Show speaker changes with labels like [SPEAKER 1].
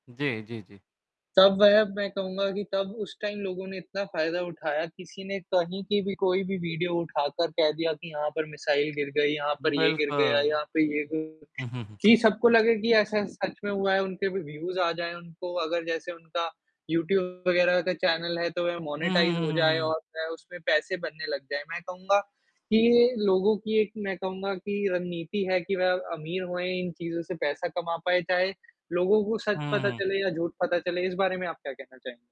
[SPEAKER 1] जी, जी, जी।
[SPEAKER 2] तब वह मैं कहूँगा कि तब उस टाइम लोगों ने इतना फ़ायदा उठाया किसी ने कहीं की भी कोई भी वीडियो उठाकर कह दिया कि यहाँ पर मिसाइल गिर गई, यहाँ पर ये गिर गया,
[SPEAKER 1] बिल्कुल,
[SPEAKER 2] यहाँ पे ये गि
[SPEAKER 1] हुँ, हुँ, हुँ।
[SPEAKER 2] कि सबको लगे कि ऐसा सच में हुआ है उनके भी व्यूज़ आ जाएँ उनको अगर जैसे उनका यूट्यूब वग़ैरह का चैनल है तो वह
[SPEAKER 1] हुँ,
[SPEAKER 2] मोनेटाइज़
[SPEAKER 1] हुँ,
[SPEAKER 2] हो
[SPEAKER 1] हुँ, हुँ,
[SPEAKER 2] जाए
[SPEAKER 1] हुँ।
[SPEAKER 2] और वह उसमें पैसे बनने लग जाएँ मैं कहूँगा, कि ये लोगों की एक मैं कहूँगा कि रणनीति है कि वह अमीर होएँ इन चीज़ों से पैसा कमा पाए चाहे, लोगों को सच
[SPEAKER 1] हुँ,
[SPEAKER 2] पता
[SPEAKER 1] हुँ।
[SPEAKER 2] चले या झूठ पता चले इस बारे में आप क्या कहना चाहें